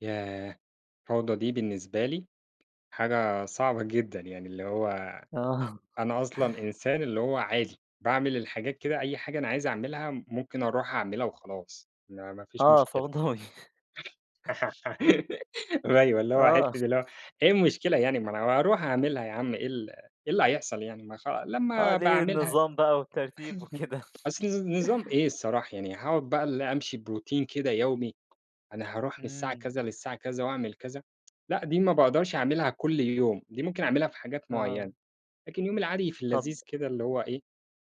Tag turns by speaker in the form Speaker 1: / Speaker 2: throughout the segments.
Speaker 1: ياه! فوضى دي بالنسبة لي حاجة صعبة جدًا، يعني اللي هو
Speaker 2: آه.
Speaker 1: أنا أصلًا إنسان اللي هو عادي، باعمل الحاجات كده أي حاجة أنا عايز أعملها ممكن أروْح أعملها وخلاص، ما ما فيش
Speaker 2: آه
Speaker 1: مشكلة.
Speaker 2: فَوْضَوي.
Speaker 1: أيوه اللي هو حِتّة
Speaker 2: آه.
Speaker 1: اللي هو، إيه المشكلة يعني، ما أنا أروح أعملها يا عم إيه ال إيه اللي هيحصل يعني؟ ما خ
Speaker 2: آه
Speaker 1: لمّا أبقى
Speaker 2: ليه
Speaker 1: أعملها
Speaker 2: النظام بقى والترتيب وكده
Speaker 1: أصل نظ نظام إيه الصراحة يعني هاقعد بقى اللي أمشي بروتين كده يومي، أنا هاروْح من الساعة
Speaker 2: إمم.
Speaker 1: كذا للساعة كذا وأعمل كذا لأ دي ما باقدرش أعملها كل يوم، دي ممكن أعملها في حاجات
Speaker 2: آه.
Speaker 1: مُعيّنة، لكن يومي العادي في
Speaker 2: طَب
Speaker 1: اللذيذ كده اللي هو إيه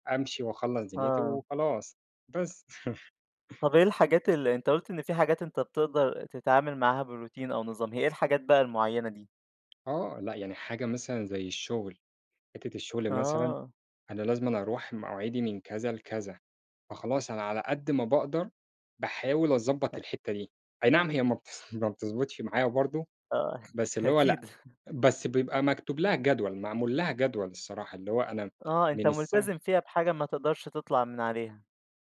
Speaker 1: أمشي وأخلَّص دنيتي
Speaker 2: آه.
Speaker 1: وخلاص بس.
Speaker 2: طَب إيه الحاجات اللي أنت قُلت إن في حاجات أنت بتقدر تتعامل معاها بروتين أو نظام، هي إيه الحاجات بقى المُعيّنة دي؟
Speaker 1: آه لأ يعني حاجة مثلًا زي الشغل، حِتّة الشغل مثلًا
Speaker 2: آه
Speaker 1: أنا لازمًا أروْح مواعيدي من كذا لكذا، فخلاص أنا على قد ما باقدر باحاول أضبّط
Speaker 2: آآ
Speaker 1: الحِتّة دي، أي نعم هي ما بت ما بتض ما بتضبطش معايا برضه،
Speaker 2: آه
Speaker 1: بس اللي هو لأ
Speaker 2: أكيد
Speaker 1: بس بيبقى مكتوب لها جدول معمول لها جدول الصراحة اللي هو أنا
Speaker 2: آه أنت
Speaker 1: من الساعة
Speaker 2: ملتزم فيها بحاجة ما تقدرش تطلع من عليها.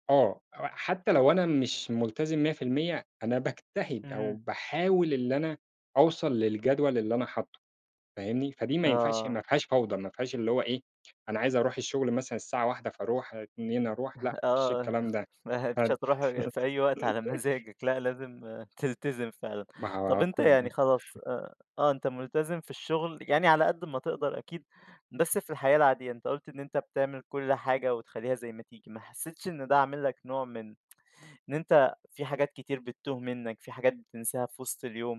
Speaker 1: آه، هو حتى لو أنا مش مُلتزم 100%، أنا باجتهد أو
Speaker 2: إمم.
Speaker 1: باحاول إن أنا أوْصل للجدول اللي أنا حاطّه، فاهمني؟ فدي ما ينفعش ما
Speaker 2: آه.
Speaker 1: فيهاش فوْضى ما فيهاش اللي هو إيه أنا عايز أروح الشغل مثلًا الساعة 13:00 فأروْح 14:00 أروْح، لأ ما فيش
Speaker 2: آه،
Speaker 1: الكلام ده.
Speaker 2: ما هي مش
Speaker 1: فد
Speaker 2: هتروْح غ في أي وقت على مزاجك، لأ لازم تلتزم فعلًا
Speaker 1: ما
Speaker 2: طب
Speaker 1: هو
Speaker 2: أنت
Speaker 1: كل
Speaker 2: يعني
Speaker 1: إمم.
Speaker 2: خلاص آآ آه أنت مُلتزم في الشغل، يعني على قد ما تقدر أكيد، بس في الحياة العادية أنت قُلت إن أنت بتعمل كل حاجة وتخليها زي ما تيجي، ما حسّيتش إن ده عامل لك نوع من إن أنت في حاجات كتير بتْتوْه منّك، في حاجات بتنْساها في وسط اليوم؟